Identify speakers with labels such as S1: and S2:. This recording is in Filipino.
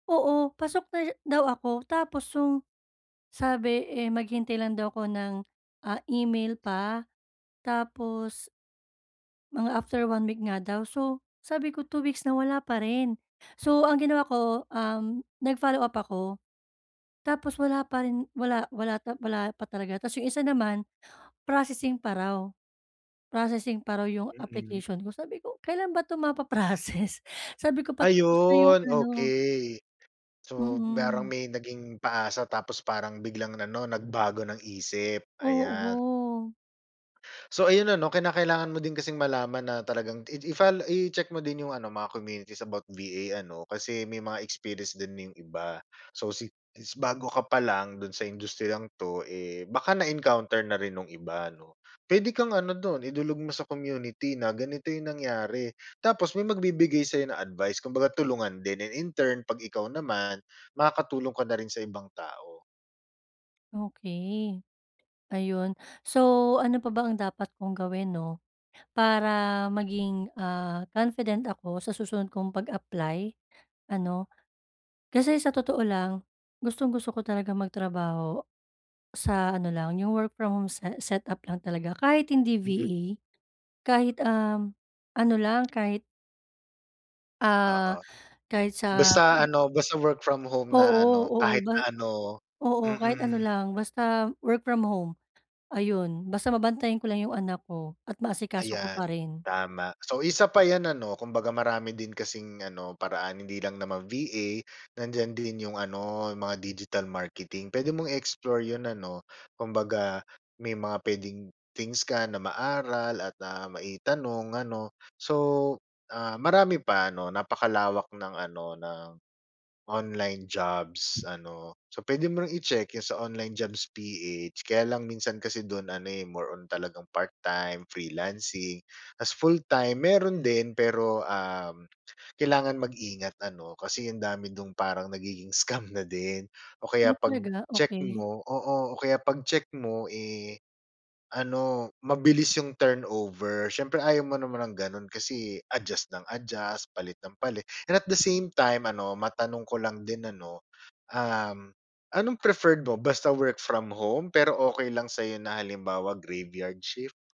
S1: Oo, pasok na siya daw ako. Tapos 'yong sabi, eh, maghintay lang daw ako ng, ah, email pa. Tapos mga after 1 week nga daw. So, sabi ko, 2 weeks na, wala pa rin. So, ang ginawa ko, um, nag-follow-up ako. Tapos wala pa rin, wala wala wala pa talaga. Tapos 'yong isa naman, processing pa raw. Processing pa raw 'yong
S2: Mm.
S1: application ko. Sabi ko, "Kailan ba 'to mapa-process?" Sabi ko, "Patapos na 'yong
S2: Ayun,
S1: ano"
S2: okey. So, parang
S1: Mm.
S2: may naging paasa tapos parang biglang ano, nagbago ng isip, ayan.
S1: Oo.
S2: So ayun ano, kinakailangan mo din kasing malaman na talagang i i-follow i-check mo din 'yong ano, mga communities about VA ano, kasi may mga experience din dun 'yong iba. So, si since bago ka pa lang do'n sa industriyang 'to, eh, baka na-encounter na rin no'ng iba, 'no? Puwede kang ano do'n, idulog mo sa community na ganito 'yong nangyari. Tapos may magbibigay sa'yo ng advice, kumbaga, tulungan din. And in turn, 'pag ikaw naman, makakatulong ka na rin sa ibang tao.
S1: Okey. Ayun. So ano pa ba ang dapat kong gawin 'no? Para maging, ah, confident ako sa susunod kong pag-apply, ano. Kasi sa totoo lang, gustong-gusto ko talagang magtrabaho sa ano lang, 'yong work from home se set-up lang talaga, kahit hindi
S2: Mm.
S1: VA. Kahit, um, ano lang, kahit
S2: Oo.
S1: ah, kahit sa
S2: Basta
S1: mm.
S2: ano, basta work from home na
S1: Oo
S2: ano,
S1: oo,
S2: kahit
S1: ba
S2: na ano
S1: oo. Kahit ano
S2: mm.
S1: lang, basta work from home. Ayun, basta mabantayan ko lang 'yong anak ko at maasikaso ko pa
S2: Ayan,
S1: rin.
S2: tama. So, isa pa 'yan, ano? Kumbaga marami din kasing ano, paraan. Hindi lang naman VA, nandiyan din 'yong ano, 'yong mga digital marketing. Puwede mong i-explore 'yon ano? Kumbaga, may mga puwedeng things ka na maaral at, ah, maitanong, ano. So, ah, marami pa, 'no. Napakalawak ng ano, ng online jobs, ano. So puwede mo ring i-check 'yong sa onlinejobs.ph. Kaya lang, minsan kasi do'n ano, eh, more on talagang part-time, freelancing. Tapos full-time, mayroon din, pero, um, kailangan mag-ingat ano, kasi ang dami do'n parang nagiging scam na din. O kaya
S1: Ay, talaga?
S2: pag-check
S1: Okey.
S2: mo oo, o kaya 'pag-check mo, eh, ano, mabilis 'yong turnover. Siyempre ayaw mo naman ng gano'n, kasi adjust nang adjust, palit nang palit, and at the same time, ano matanong ko lang din, ano, um, anong preferred mo, basta work from home? Pero okey lang sa'yo na halimbawa graveyard shift?